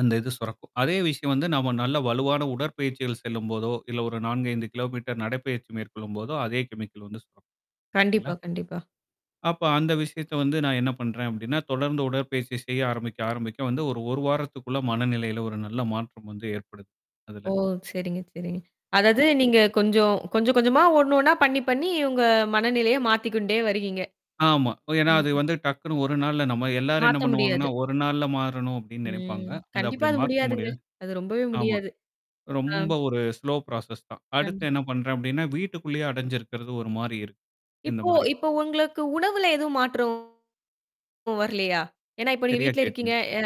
அந்த இது சுரக்கும். அதே விஷயம் வந்து நம்ம நல்ல வலுவான உடற்பயிற்சிகள் செல்லும்போதோ, இல்ல ஒரு 4 5 கிலோமீட்டர் நடைப்பயிற்சி மேற்கொள்ளும்போதோ, அதே கெமிக்கல் வந்து சுரக்கும். இல்லங்களா? கண்டிப்பா, கண்டிப்பா. அப்ப அந்த விஷயத்த வந்து நான் என்ன பண்றேன்? அப்படின்னா, தொடர்ந்து உடற்பயிற்சி செய்ய ஆரம்பிக்க ஆரம்பிக்க வந்து ஒரு 1 வாரத்துக்குள்ள மனநிலையில ஒரு நல்ல மாற்றம் வந்து ஏற்படுது. அதுல. ஓ! சரிங்க, சரிங்க. அதாவது நீங்க கொஞ்சம், கொஞ்சம் கொஞ்சமா ஒண்ணு ஒண்ணா பண்ணி, பண்ணி உங்க மனநிலைய மாத்திக்கொண்டே வர்றீங்க. ஆமா. இப்ப ஏன்னா அது கண்டிப்பா. வந்து டக்குன்னு ஒரு நாள்ல நம்ம எல்லாரும் என்ன மாத்த பண்ணுவாங்கன்னா, முடியாது. ஒரு நாள்ல மாறணும் அப்படின்னு நினைப்பாங்க. ம். அத கண்டிப்பா அப்படி அது மாத்த முடியாதுங்க. முடியாது. அது ரொம்பவே ஆமா. முடியாது. ஆ. ரொம்ப ஒரு ஸ்லோ ப்ராசஸ் தான். அடுத்து கண்டிப் என்ன பண்றேன் அப்படின்னா, வீட்டுக்குள்ளேயே அடைஞ்சிருக்கிறது ஒரு மாரி இருக்கு. இந்த இப்போ மாரி. இப்போ உங்களுக்கு உணவுல எதுவும் மாற்றம் வரலையா? ஏன்னா இப்ப நீங்க சரியா வீட்ல இருக்கீங்க கேட்டீங்கங்க. எ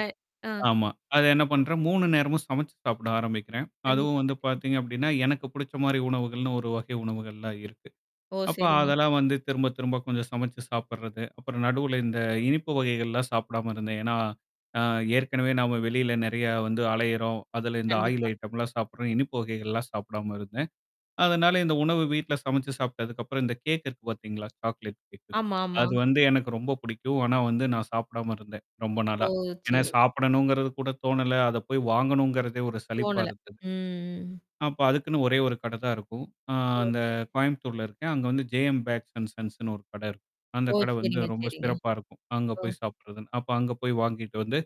ஆ. ஆமா. அது என்ன பண்றேன்? 3 நேரமும் சமைச்சு சாப்பிட ஆரம்பிக்கிறேன். அதுவும் கண்டிப்பா, வந்து கண்டிப்பா. பாத்தீங்க அப்டின்னா, எனக்கு புடிச்ச மாரி உணவுகள்னு ஒரு வகை உணவுகள்லாம் இருக்கு. ஓ! அப்ப சரிங்க, அதெல்லாம் சரி. வந்து திரும்ப, திரும்ப கொஞ்சம் சமைச்சு சாப்பிட்றது. அப்புறம் நடுவுல இந்த இனிப்பு வகைகள்லாம் சாப்பிடாம இருந்தேன். ஏன்னா அ ஏற்கனவே நாம வெளியில நெறைய வந்து அலையுறோம், அதுல இந்த ஆயில் கண்டிப்பா. ஐட்டம்லாம் சாப்பட்றோம். இனிப்பு வகைகள்லாம் சாப்பிடாம இருந்தேன். அதனால இந்த உணவு வீட்ல சமைச்சு சாப்ட்டதுக்கப்புறம், இந்த கேக் இருக்கு பாத்தீங்களா? Chocolate cake. ஆமா, ஆமா. அது வந்து எனக்கு ரொம்ப பிடிக்கும். ஆனா வந்து, நான் சாப்பிடாம இருந்தேன். ரொம்ப ஓ! நாளா. ஏன்னா சரி. சாப்பிடணுங்கிறது கூட தோணல. அத போய் வாங்கணுங்கிறதே ஒரு சலிப்பா தோணல. இருக்குது. ம். அப்ப அதுக்குன்னு ஒரே ஒரு கடை தான் இருக்கும். அ ஓ. அந்த சரிங்க. கோயம்புத்தூர்ல இருக்கேன். அங்க வந்து "ஜே-எம் பேக்ஸ் அன் சன்ஸ்ன்னு" ஒரு கடை இருக்கும். அந்த ஓ! கடை வந்து சரிங்க, ரொம்ப சரிங்க. சிறப்பா இருக்கும். அங்க ஓ! போய் சாப்படுறதுன்னு. அப்ப அங்க போய் வாங்கிட்டு வந்து,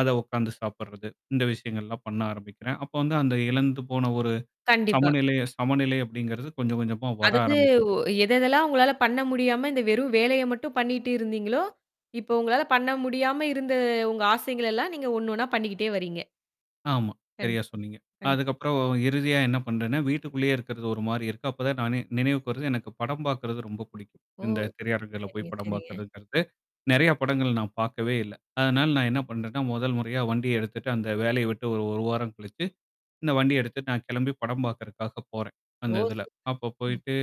அத உக்காந்து சாப்படுறது. இந்த விஷயங்கள்லாம் பண்ண ஆரம்பிக்கிறேன். அப்போ வந்து அந்த இழந்து போன ஒரு கண்டிப்பா. சமநிலை சமநிலை அப்படிங்கிறது கொஞ்சம் கொஞ்சமா வர அதாவது ஆரம்பிக்குது. உ எததெல்லாம் உங்களால பண்ண முடியாம இந்த வெறும் வேலைய மட்டும் பண்ணிட்டு இருந்தீங்களோ! இப்ப உங்களால பண்ண முடியாம இருந்த உங்க ஆசைகள் எல்லாம் நீங்க ஒண்ணு ஒண்ணா பண்ணிக்கிட்டே வர்றீங்க. ஆமா. சரியா கண்டிப்பா. சொன்னீங்க. கண்டிப் அதுக்கப்புறம் இறுதியா என்ன பண்றேன்னா, வீட்டுக்குள்ளேயே இருக்கிறது ஒரு மாரி இருக்கு. அப்ப தான் நானே நினைவுக்கு வருது எனக்கு படம் பார்க்கறது ரொம்ப பிடிக்கும். ஓ! இந்த திரையரங்குல போய் சரிங்க, படம் சரிங்க. பாக்கறதுங்கிறது, நெறைய படங்கள் நான் பாக்கவே இல்ல. அதனால நான் என்ன பண்றேன்னா, 1 முறையா வண்டிய எடுத்துட்டு அந்த வேலைய விட்டு ஒரு 1 வாரம் கழிச்சு இந்த வண்டிய எடுத்துட்டு நான் கெளம்பி படம் பாக்கறதுக்காக போறேன். அந்த ஓ! இதுல. சூப்பர். அப்போ ம். போயிட்டு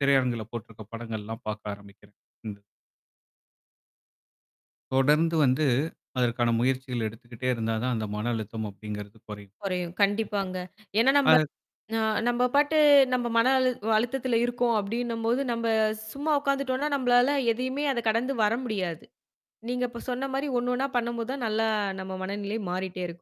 திரையரங்குல போட்டுருக்க படங்கள்லாம் பாக்க ஆரம்பிக்கிறேன். இந்த தொடர்ந்து வந்து அதற்கான முயற்சிகள் எடுத்துக்கிட்டே இருந்தா தான், அந்த மன அழுத்தம் அப்படிங்கிறது குறையும். குறையும். கண்டிப்பாங்க. ஏன்னா நம்ப அத ந நம்ப பாட்டு நம்ம மன அழு அழுத்தத்தில இருக்கோம் அப்டின்னும்போது, நம்ப சும்மா உக்காந்துட்டோனா, நம்மளால எதையுமே அத கடந்து வர முடியாது. நீங்க இப்ப சொன்ன மாரி ஒண்ணு ஒண்ணா பண்ணும்போது தான் நல்லா நம்ம மனநிலை மாறிட்டே இருக்கும்.